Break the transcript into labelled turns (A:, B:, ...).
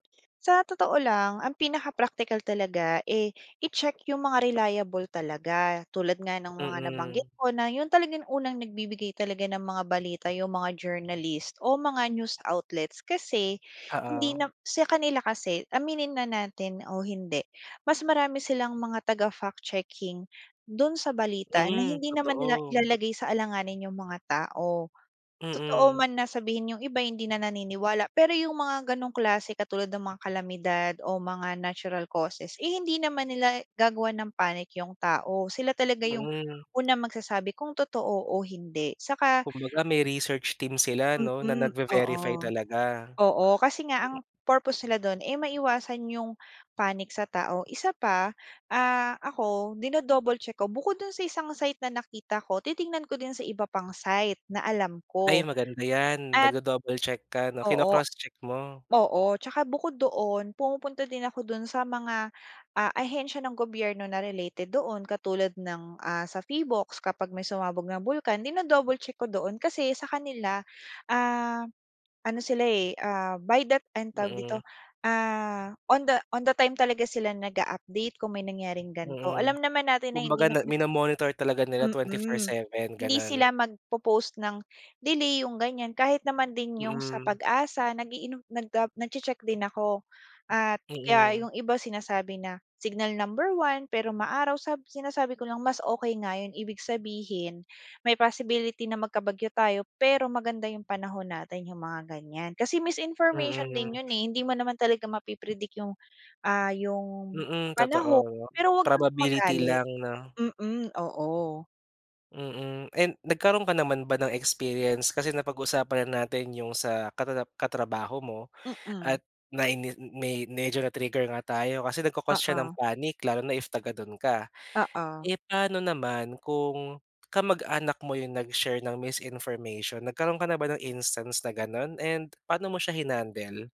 A: Sa totoo lang ang pinaka-praktikal talaga eh, i-check yung mga reliable talaga tulad nga ng mga nabanggit
B: Mm.
A: ko na yung talagang unang nagbibigay talaga ng mga balita yung mga journalist o mga news outlets kasi hindi
B: Oo.
A: na sa kanila kasi, aminin na natin o hindi, mas marami silang mga taga-fact checking dun sa balita na
B: Mm,
A: hindi naman nila
B: totoo.
A: ilalagay sa alanganin yung mga tao. Totoo
B: Mm.
A: man na sabihin yung iba hindi na naniniwala pero yung mga gano'ng klase katulad ng mga kalamidad o mga natural causes, eh, hindi naman nila gagawa ng panic yung tao sila talaga yung
B: Mm.
A: unang magsasabi kung totoo o hindi saka
B: Kumbaga, may research team sila 'no na
A: Mm, oo.
B: nagve-verify talaga.
A: Oo, kasi nga ang purpose nila dun eh, maiwasan yung panic sa tao, isa pa, ah, ako, dino-double check ko bukod dun sa isang site na nakita ko, titingnan ko din sa iba pang site na alam
B: Ay,
A: ko.
B: maganda 'yan,
A: At
B: nagdo-double check ka, 'no?
A: Oo.
B: Kino-cross check mo?
A: Oo. Tsaka bukod doon, pumupunta din ako dun sa mga, ah, ahensiya ng gobyerno na related doon katulad ng, ah, sa Phivolcs kapag may sumabog na bulkan, dino-double check ko doon. Kasi sa kanila, ah, ano sila eh, ah, by that time, anong tawag dito,
B: Mm.
A: ah, on the on the time talaga sila nag-a-update kung may nangyaring ganito.
B: Mm.
A: Alam naman natin na
B: Kumbaga
A: hindi
B: na
A: napi
B: mino-monitor talaga nila twenty four
A: Mm.
B: seven,
A: Hindi
B: gano'n?
A: sila magpo-post ng delay, yung ganiyan, kahit naman din yung sa
B: Mm.
A: PAGASA nag-iinom, nag, ah, nagche-check din ako. At, kaya
B: Mm.
A: yung iba sinasabi na signal number 1 pero maaraw, sa sinasabi ko lang mas okey nga yun, ibig sabihin, may possibility na magkabagyo tayo pero maganda yung panahon natin, yung mga ganiyan. Kasi misinformation din
B: Mm.
A: yun eh hindi mo naman talaga mapi-predict yung, ah, yung,
B: Mm, totoo,
A: panahon pero huwag kang
B: probability
A: magalit.
B: lang, 'no?
A: Mm, oo.
B: Mm and nagkaroon ka naman ba ng experience, kasi napag-usapan na natin yung sa katata katrabaho mo,
A: Mm.
B: at naini me medyo na-trigger nga tayo kasi nagko-cause siya ng
A: Oo.
B: panic lalo na if taga dun ka.
A: Oo.
B: Eh, paano naman kung kamag-anak mo yung nag-share ng misinformation? Nagkaroon ka na ba ng instance na gano'n? And paano mo siya hinandle?